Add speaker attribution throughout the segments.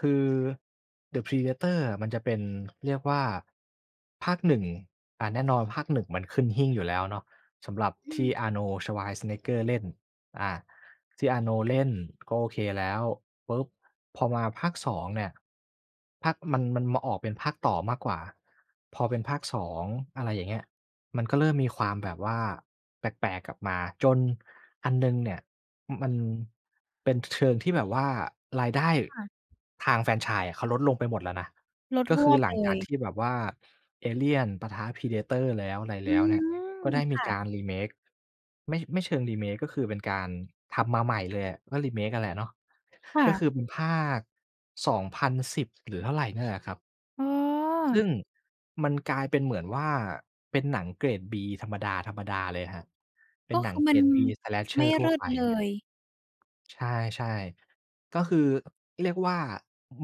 Speaker 1: คือ The Predator อะ มันจะเป็น เรียกว่าภาค 1 อา แน่นอนภาค 1 มันขึ้นหิ้งอยู่แล้วเนาะ สำหรับ
Speaker 2: อื
Speaker 1: ที่
Speaker 2: ม
Speaker 1: Arnold Schwarzenegger เล่น อา ที่ Arnold เล่น ก็โอเคแล้ว ปุ๊บ พอมาภาค 2 เนี่ย ภาค มัน มันมาออกเป็นภาคต่อมากกว่า พอเป็นภาค 2 อะไรอย่างเงี้ย มันก็เริ่มมีความแบบว่าแปลก ๆ กลับมา จนอันหนึ่งเนี่ย อ มันเป็นเชิงที่แบบว่า รายได้
Speaker 2: ค่ะ
Speaker 1: ทางแฟรนไชส์อะเขาลดลงไปหมดแล้วนะ
Speaker 2: ลด
Speaker 1: ก็
Speaker 2: ฮ
Speaker 1: คื
Speaker 2: ว
Speaker 1: อ
Speaker 2: บ
Speaker 1: หลั
Speaker 2: เล
Speaker 1: งจาก
Speaker 2: ย
Speaker 1: ที่แบบว่าเอเลียน ปะทะ Predator แล้ว อะไร
Speaker 2: อื
Speaker 1: แล้วเนี่ย
Speaker 2: ม
Speaker 1: ก็ได้
Speaker 2: ค
Speaker 1: มี
Speaker 2: ่ะ
Speaker 1: การ remake ไม่ ไม่เชิง remake ก็คือเป็นการ ทำมาใหม่เลยอะ ก็ remake อะแหละเนาะ
Speaker 2: ค่
Speaker 1: ก็ค
Speaker 2: ะ
Speaker 1: ือเป็นภาค 2010 หรือเท่าไร นั่นแหละครับ
Speaker 2: อ๋อ
Speaker 1: ซึ่ง มันกลายเป็นเหมือนว่า เป็นหนังเกรดฺ B ธรรมดา ๆ เลยครับ เป
Speaker 2: ก
Speaker 1: ็น
Speaker 2: ็
Speaker 1: หน
Speaker 2: ค
Speaker 1: ั
Speaker 2: ื
Speaker 1: ง
Speaker 2: อ
Speaker 1: เ
Speaker 2: ม
Speaker 1: ก
Speaker 2: ั
Speaker 1: ร
Speaker 2: น
Speaker 1: ด B
Speaker 2: ไม่
Speaker 1: Slasher ท
Speaker 2: เ
Speaker 1: ั่
Speaker 2: ล
Speaker 1: ว
Speaker 2: ิศ
Speaker 1: ไป
Speaker 2: เลย
Speaker 1: ใช่ ๆ ก็คือ เรียกว่า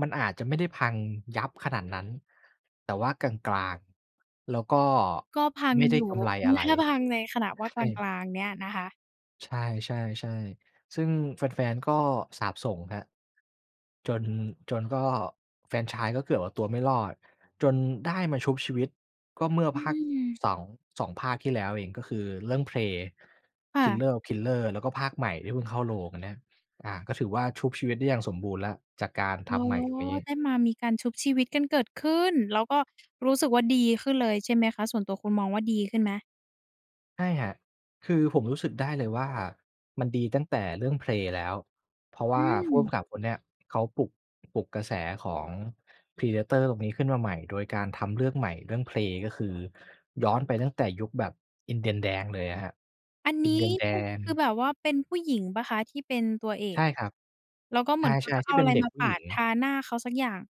Speaker 1: มันอาจจะไม่ได้พังยับขนาดนั้น แต่ว่ากลาง ๆ แล้วก็
Speaker 2: ก็พัง
Speaker 1: ไม่ได
Speaker 2: อ
Speaker 1: ้
Speaker 2: ยู
Speaker 1: ก
Speaker 2: ่
Speaker 1: ำไร
Speaker 2: งั้
Speaker 1: อ
Speaker 2: น
Speaker 1: ะไ
Speaker 2: ถ
Speaker 1: ร
Speaker 2: ้าพังในขณะ
Speaker 1: ใช
Speaker 2: ว่า กล
Speaker 1: ่
Speaker 2: าง ๆ เนี่ยนะคะ
Speaker 1: ใช่ ๆ ๆ ซึ่งแฟน ๆ ก็สาปส่งครับ จน จนก็แฟรนไชส์ก็เกือบเอาตัวไม่รอด จนได้มาชุบชีวิตก็เมื่อ
Speaker 2: อื
Speaker 1: ภาค
Speaker 2: ม
Speaker 1: สอง 2 ภาคที่แล้วเองก็คือเรื่อง "Pray,
Speaker 2: ค่ะ
Speaker 1: Killer of Killers" แล้วก็ภาคใหม่ที่เพิ่งเข้าโรง อันเนี้ย อา ก็ถือว่าชุบชีวิตได้อย่างสมบูรณ์แล้ว จากการ
Speaker 2: อ
Speaker 1: ท
Speaker 2: ๋อ
Speaker 1: ำ ใหม่ตรงนี้
Speaker 2: ได้มามีการชุบชีวิตกันเกิดขึ้น แล้วก็ รู้สึกว่าดีขึ้นเลยใช่ไหมคะ ส่วนตัวคุณมองว่าดีขึ้นไหม?
Speaker 1: ใช่ครับ คือผมรู้สึกได้เลยว่ามันดีตั้งแต่เรื่อง "Pray" แล้ว เพราะว
Speaker 2: อ
Speaker 1: ่
Speaker 2: ื
Speaker 1: าผู้ก
Speaker 2: ม
Speaker 1: ำกับคนเนี้ย เขาปลุก ปลุกกระแสของ Predator ตรงนี้ขึ้นมาใหม่ โดยการทำเรื่องใหม่ เรื่อง "Pray" ก็คือย้อนไปตั้งแต่ยุคแบบอินเดียนแดงเลยอะครับ
Speaker 2: อัน
Speaker 1: อ
Speaker 2: น
Speaker 1: ิ
Speaker 2: ี
Speaker 1: นเด
Speaker 2: ้
Speaker 1: ียนแด
Speaker 2: ป คือ
Speaker 1: ง
Speaker 2: แบบว่าเป็นผู้หญิงเปล่าคะที่เป็นตัวเอ
Speaker 1: ใช
Speaker 2: ก?
Speaker 1: ่ครับ
Speaker 2: แล้วก็เห
Speaker 1: ใ
Speaker 2: ม
Speaker 1: ช
Speaker 2: ือนเขา
Speaker 1: ่
Speaker 2: จะ
Speaker 1: ๆ
Speaker 2: เ
Speaker 1: ท
Speaker 2: อ
Speaker 1: ี
Speaker 2: า
Speaker 1: ่เป
Speaker 2: อะ
Speaker 1: ็น
Speaker 2: ไร
Speaker 1: เด็
Speaker 2: ม
Speaker 1: ก
Speaker 2: า
Speaker 1: ผู
Speaker 2: ป
Speaker 1: ้ห
Speaker 2: า
Speaker 1: ญิ
Speaker 2: ด
Speaker 1: ง
Speaker 2: ทาหน้าเขาสักอย่าง